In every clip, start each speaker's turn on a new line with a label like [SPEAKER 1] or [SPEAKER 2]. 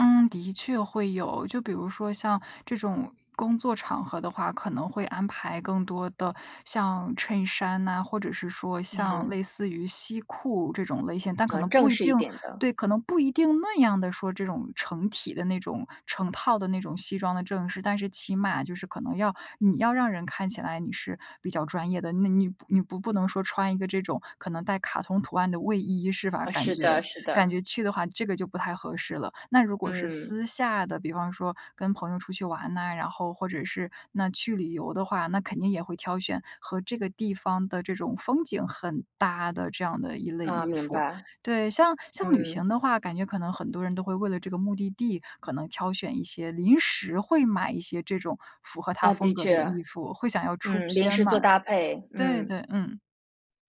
[SPEAKER 1] 嗯，的确会有，就比如说像这种工作场合的话，可能会安排更多的像衬衫呐，或者是说像
[SPEAKER 2] 嗯。
[SPEAKER 1] 类似于西裤这种类型，但可
[SPEAKER 2] 呃，
[SPEAKER 1] 能不
[SPEAKER 2] 正
[SPEAKER 1] 一
[SPEAKER 2] 式
[SPEAKER 1] 定
[SPEAKER 2] 一点的。
[SPEAKER 1] 对，可能不一定那样的说这种成体的那种、成套的那种西装的正式，但是起码就是可能要你要让人看起来你是比较专业的，那你你不不能说穿一个这种，可能带卡通图案的卫衣是吧，
[SPEAKER 2] 啊，
[SPEAKER 1] 感
[SPEAKER 2] 是
[SPEAKER 1] 觉
[SPEAKER 2] 的是
[SPEAKER 1] 感
[SPEAKER 2] 的。
[SPEAKER 1] 觉去的话这个就不太合适了。那如果是
[SPEAKER 2] 嗯。
[SPEAKER 1] 私下的，比方说跟朋友出去玩呐，然后或者是那去旅游的话，那肯定也会挑选和这个地方的这种风景很搭的这样的一类
[SPEAKER 2] 啊，
[SPEAKER 1] 衣
[SPEAKER 2] 明
[SPEAKER 1] 服。
[SPEAKER 2] 白。
[SPEAKER 1] 对，像像旅
[SPEAKER 2] 嗯。
[SPEAKER 1] 行的话，感觉可能很多人都会为了这个目的地，可能挑选一些临时会买一些这种符合它
[SPEAKER 2] 呃，
[SPEAKER 1] 风
[SPEAKER 2] 的
[SPEAKER 1] 格的
[SPEAKER 2] 确。
[SPEAKER 1] 衣服，会想要出
[SPEAKER 2] 嗯，临
[SPEAKER 1] 片
[SPEAKER 2] 时做
[SPEAKER 1] 嘛。
[SPEAKER 2] 搭配，
[SPEAKER 1] 对
[SPEAKER 2] 嗯。
[SPEAKER 1] 对，嗯。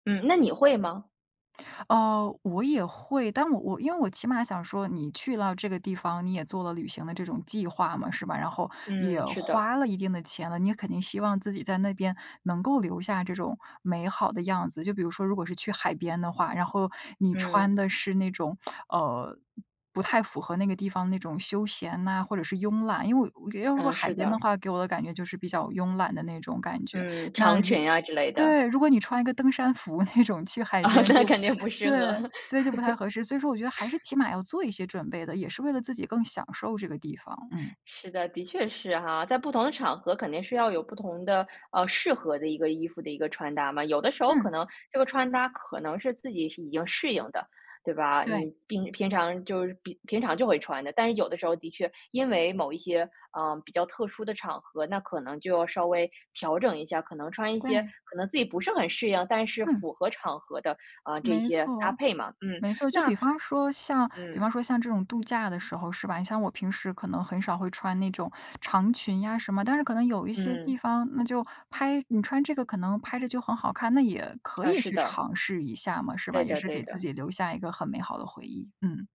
[SPEAKER 2] 嗯，那你会吗？
[SPEAKER 1] 哦，我也会，但我我因为我起码想说你去了这个地方，你也做了旅行的这种计划嘛，是吧？然后也
[SPEAKER 2] 嗯，是的。
[SPEAKER 1] 花了一定的钱了，你也肯定希望自己在那边能够留下这种美好的样子。就比如说如果是去海边的话，然后你穿
[SPEAKER 2] 嗯。
[SPEAKER 1] 的是那种，呃，不太符合那个地方那种休闲呐，或者是慵懒，因为我要如果
[SPEAKER 2] 嗯，
[SPEAKER 1] 海
[SPEAKER 2] 是
[SPEAKER 1] 边的
[SPEAKER 2] 的。
[SPEAKER 1] 话，给我的感觉就是比较慵懒的那种感觉，
[SPEAKER 2] 嗯，
[SPEAKER 1] 那
[SPEAKER 2] 长
[SPEAKER 1] 如
[SPEAKER 2] 裙啊之类的。
[SPEAKER 1] 对，如果你穿一个登山服那种去海
[SPEAKER 2] 啊，
[SPEAKER 1] 边
[SPEAKER 2] 那
[SPEAKER 1] 就
[SPEAKER 2] 肯定不适合。
[SPEAKER 1] 对，对，就不太 合适，所以说我觉得还是起码要做一些准备的，也是为了自己更享受这个地方。嗯。
[SPEAKER 2] 是的，的确是哈，在不同的场合肯定是要有不同的呃，适合的一个衣服的一个穿搭嘛。有的时候可
[SPEAKER 1] 嗯。
[SPEAKER 2] 能这个穿搭可能是自己已经适应的，对吧？
[SPEAKER 1] 对。
[SPEAKER 2] 你平平常就是平平常就会穿的，但是有的时候的确，因为某一些，啊，比较特殊的场合，那可能就要稍微调整一下，可能穿一些
[SPEAKER 1] 对。
[SPEAKER 2] 可能自己不是很适应，但是
[SPEAKER 1] 嗯。
[SPEAKER 2] 符合场合的，啊，这
[SPEAKER 1] 没
[SPEAKER 2] 些搭
[SPEAKER 1] 错。
[SPEAKER 2] 配嘛，嗯，
[SPEAKER 1] 没错，就
[SPEAKER 2] 那
[SPEAKER 1] 比方说像比方
[SPEAKER 2] 嗯。
[SPEAKER 1] 说像这种度假的时候是吧？你像我平时可能很少会穿那种长裙呀什么，但是可能有一些地
[SPEAKER 2] 嗯。
[SPEAKER 1] 方，那就拍你穿这个可能拍着就很好看，那也可
[SPEAKER 2] 呃，
[SPEAKER 1] 以
[SPEAKER 2] 是
[SPEAKER 1] 去
[SPEAKER 2] 的。
[SPEAKER 1] 尝试一下嘛，是吧？
[SPEAKER 2] 对
[SPEAKER 1] 也
[SPEAKER 2] 的
[SPEAKER 1] 是
[SPEAKER 2] 对
[SPEAKER 1] 给自
[SPEAKER 2] 的。
[SPEAKER 1] 己留下一个很美好的回忆。嗯。